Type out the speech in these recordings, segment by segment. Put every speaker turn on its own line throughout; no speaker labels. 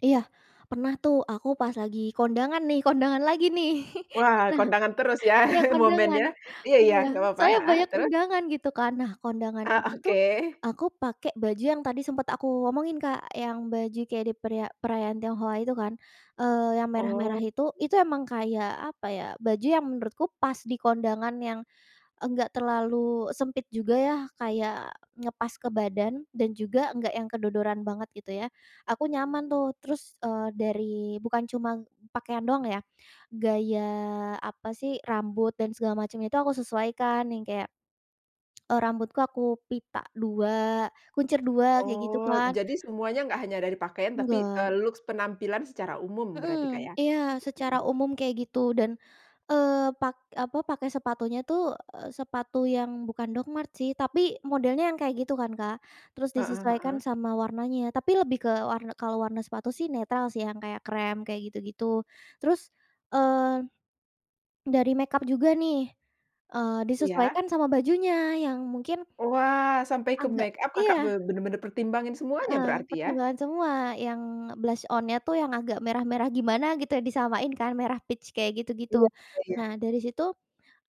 Iya, pernah tuh, aku pas lagi kondangan nih, kondangan lagi nih.
Wah, kondangan terus, ya,
Nah iya, kondangan
momennya? Iya iya,
iya,
nggak papa
saya
heeh,
banyak
terus?
undangan, gitu kan. Nah, kondangan
Ah,
itu tuh,
oke.
aku pakai baju yang tadi sempat aku omongin Kak, yang baju kayak di periya perayaan Tionghoa itu kan, eee, yang merah-merah
Oh.
itu, itu emang kayak, apa ya, baju yang menurutku pas di kondangan, yang enggak terlalu sempit juga, ya, kayak, ngepas ke badan, dan juga nggak yang kedodoran banget, gitu ya, aku nyaman tuh. Terus, eee, dari bukan cuma pakaian doang ya, gaya, apa sih, rambut dan segala macam itu aku sesuaikan, yang kayak e rambutku, aku pita dua, kuncir dua, kayak gitu
Oh,
kan.
jadi semuanya nggak hanya dari pakaian, tapi,
Enggak.
eee, looks penampilan secara umum berarti Kak,
Mhm
ya?
iya, secara
Mhm.
umum kayak gitu, dan, eee, pak apa, pakai sepatunya tuh, eee, sepatu yang bukan Docmarts sih, tapi, modelnya yang kayak gitu kan, Kak. Terus,
Heeh
disesuaikan
heeh.
sama warnanya, tapi lebih ke warn kalau warna sepatu sih netral sih, yang kayak krem, kayak gitu-gitu. Terus, eee, dari make-up juga nih, eee,
Iya?
disesuaikan sama bajunya, yang mungkin
Wah, sampai ke
agak
make-up, Kakak
iya.
be benar-benar pertimbangin semuanya
Heeh,
berarti, ya?
pertimbangan semua, yang blush-on-nya tuh, yang agak merah-merah gimana, gitu ya, disamain kan, merah peach, kayak gitu-gitu.
Iya, oh iya.
Nah, dari situ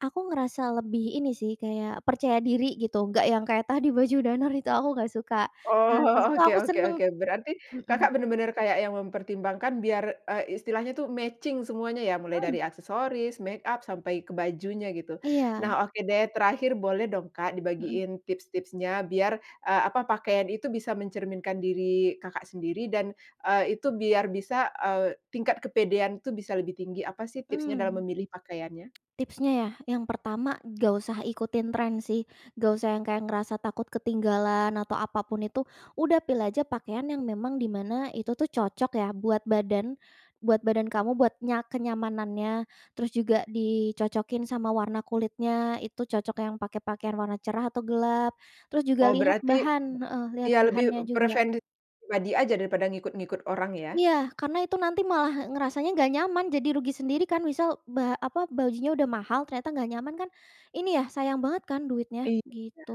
aku ngerasa lebih, ini sih, kayak, percaya diri gitu, nggak yang kayak tadi, baju danner itu aku nggak suka.
Oh
Nah, di
oh,
situ
oke
aku
oke
senang
oke, berarti,
mhm.
Kakak benar-benar kayak yang mempertimbangkan, biar, e istilahnya tuh, matching semuanya, ya? Mulai
Mhm.
dari aksesoris, make-up, sampai ke bajunya, gitu.
Iya.
Nah, oke deh, terakhir boleh dong Kak,
Mhm.
dibagiin tips-tipsnya, biar, e apa, pakaian itu bisa mencerminkan diri Kakak sendiri dan, eee, itu biar bisa, eee, tingkat kepedean tuh, bisa lebih tinggi, apa sih tipsnya dalam
Mmm.
memilih pakaiannya?
Tipsnya, ya? Yang pertama, nggak usah ikutin tren sih, nggak usah yang kayak, ngerasa takut ketinggalan atau apapun itu, udah, pilih aja pakaian yang memang di mana itu tuh, cocok ya, buat badan, buat badan kamu, buat nya kenyamanannya. Terus juga, dicocokin sama warna kulitnya, itu cocok yang pakai pakaian warna cerah atau gelap. Terus juga
Oh,
lihat
berarti
bahan heeh, lihat
iya, lebih
bahannya juga.
preferensi pribadi aja daripada ngikut-ngikut orang, ya?
Iya, karena itu nanti malah ngerasanya nggak nyaman, jadi rugi sendiri kan. Misal ba apa, bajunya udah mahal, ternyata nggak nyaman kan, ini ya, sayang banget kan duitnya,
Iya.
gitu.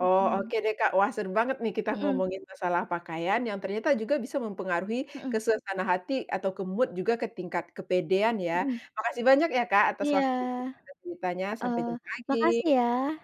Oh, oke deh Kak, wah seru banget nih, kita
Mhm.
ngomongin masalah pakaian, yang ternyata juga bisa mempengaruhi ke
Mhm.
suasana hati atau ke mood juga, ke tingkat kepedean, ya?
Mhm.
Makasih banyak ya, Kak, atas
Iya.
waktu dan juga ceritanya, sampai
Heeh,
jumpa lagi.
makasih ya.